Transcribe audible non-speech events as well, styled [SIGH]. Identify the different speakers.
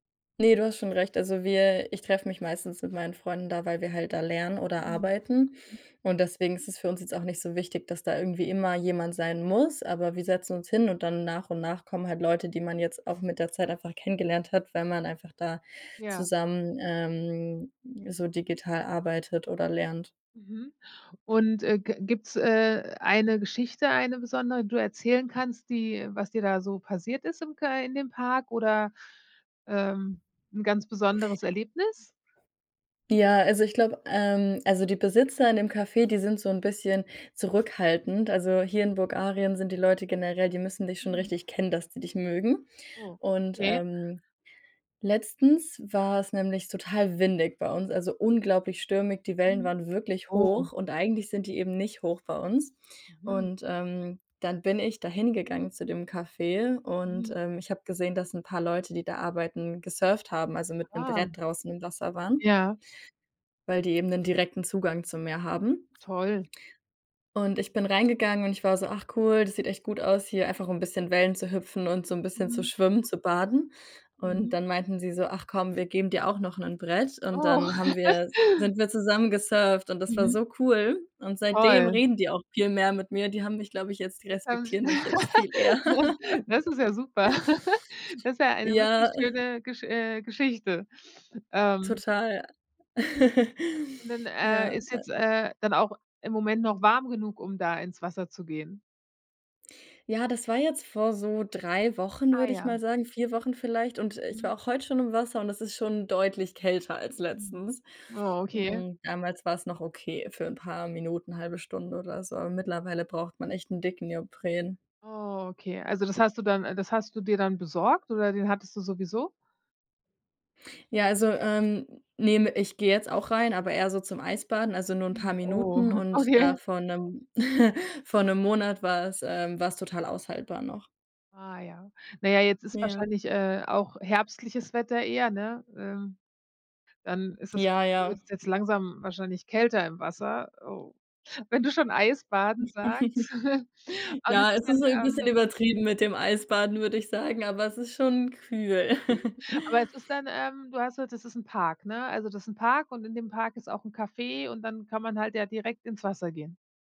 Speaker 1: Ne, du hast schon recht, also wir ich treffe mich meistens mit meinen Freunden da, weil wir halt da lernen oder
Speaker 2: Mhm,
Speaker 1: arbeiten
Speaker 2: hm.
Speaker 1: und deswegen ist es für uns jetzt auch nicht so wichtig, dass da irgendwie immer jemand sein muss. Aber wir setzen uns hin und dann nach und nach kommen halt Leute, die man jetzt auch mit der Zeit einfach kennengelernt hat, weil man einfach da
Speaker 2: Ja.
Speaker 1: zusammen, ähm, so digital arbeitet oder lernt.
Speaker 2: Mhm, und, äh, g gibt’s, äh, eine Geschichte, eine besondere, die du erzählen kannst, die was dir da so passiert ist im kei in dem Park oder, ähm, ’n ganz besonderes Erlebnis?
Speaker 1: Ja, also ich glaube ähm, also die Besitzer in dem Café, die sind so ’n bisschen zurückhaltend. Also hier in Bulgarien sind die Leute generell die müssen dich schon
Speaker 2: Mhm.
Speaker 1: richtig kennen, dass die dich mögen. Und,
Speaker 2: Okay.
Speaker 1: ähm, letztens war’s nämlich total windig bei uns, also unglaublich stürmig, die Wellen
Speaker 2: Mhm,
Speaker 1: waren wirklich
Speaker 2: oh.
Speaker 1: hoch und eigentlich sind die eben nicht hoch bei uns,
Speaker 2: Mhm.
Speaker 1: und, ähm, dann bin ich da hingegangen zu dem Café und,
Speaker 2: Mhm.
Speaker 1: ähm, ich habe gesehen, dass ’n paar Leute, die da arbeiten, gesurft haben, also mit ’nem
Speaker 2: Ah.
Speaker 1: Brett draußen im Wasser waren
Speaker 2: Ja.
Speaker 1: weil die eben ’nen direkten Zugang zum Meer haben
Speaker 2: Toll.
Speaker 1: und ich bin reingegangen und ich war so: „Ach cool, das sieht echt gut aus hier, einfach ’n bisschen Wellen zu hüpfen und so ’n bisschen zu
Speaker 2: Mhm.
Speaker 1: schwimmen, zu baden.“ Und
Speaker 2: Mhm.
Speaker 1: dann meinten sie so: „Ach komm, wir geben dir auch noch ’nen Brett“, und
Speaker 2: Oh.
Speaker 1: dann haben wir
Speaker 2: [CHUCKLES]
Speaker 1: sind wir zusammen gesurft und das war
Speaker 2: Mhm.
Speaker 1: so cool. Und seitdem
Speaker 2: Toll.
Speaker 1: reden die auch viel mehr mit mir. Die haben mich, glaube ich, jetzt die
Speaker 2: [UNINTELLIGIBLE]
Speaker 1: respektieren mich jetzt viel
Speaker 2: [GIGGLES]
Speaker 1: eher.
Speaker 2: ja,
Speaker 1: [GIGGLES]
Speaker 2: das ist ja super. [GIGGLES] Das ist ja eine wirklich
Speaker 1: Ja.
Speaker 2: schöne Gesch äh, Geschichte, ähm
Speaker 1: Total. [CHUCKLES]
Speaker 2: Und dann, äh,
Speaker 1: Ja,
Speaker 2: ist
Speaker 1: äh
Speaker 2: jetzt, äh, dann auch im Moment noch warm genug, um da ins Wasser zu gehen?
Speaker 1: Ja, das war jetzt vor so 3 Wochen,
Speaker 2: Ah,
Speaker 1: würde ich mal
Speaker 2: ja.
Speaker 1: sagen 4 Wochen vielleicht. Und, äh, ich
Speaker 2: Mhm.
Speaker 1: war auch heute schon im Wasser und es ist schon deutlich kälter als
Speaker 2: Mhm,
Speaker 1: letztens.
Speaker 2: oh okay.
Speaker 1: Hm, damals war’s noch okay für ’n paar Minuten, 1/2 Stunde oder so, aber mittlerweile braucht man echt 'n dicken Neopren.
Speaker 2: Oh, okay, also das hast du dann äh, das hast du dir dann besorgt oder den hattest du sowieso?
Speaker 1: Ja, also, ähm, ne me ich gehe jetzt auch rein, aber eher so zum Eisbaden, also nur ’n paar
Speaker 2: Mhm, oh,
Speaker 1: Minuten und
Speaker 2: okay.
Speaker 1: da vor ’nem [CHUCKLES] vor ’nem Monat war's ähm, war's total aushaltbar noch.
Speaker 2: Ah ja. Na ja, jetzt ist
Speaker 1: Ja.
Speaker 2: wahrscheinlich, äh, auch herbstliches Wetter eher, ne? Ähm, dann ist es wahrs
Speaker 1: Ja,
Speaker 2: [UNINTELLIGIBLE]
Speaker 1: ja.
Speaker 2: wird’s jetzt langsam wahrscheinlich kälter im Wasser, oh, wenn du schon Eis baden
Speaker 1: [CHUCKLES]
Speaker 2: sagst. [CHUCKLES] Und
Speaker 1: Ja,
Speaker 2: ist es
Speaker 1: es ist
Speaker 2: dann,
Speaker 1: so ’n bisschen
Speaker 2: ähm
Speaker 1: übertrieben mit dem Eisbaden, würde ich sagen, aber es ist schon kühl.
Speaker 2: Kühl.
Speaker 1: [CHUCKLES]
Speaker 2: Aber es ist dann ähm, du hast gesagt, das ist ’n Park, ne? Also das ist ’n Park und in dem Park ist auch ’n Café und dann kann man halt da direkt ins Wasser gehen?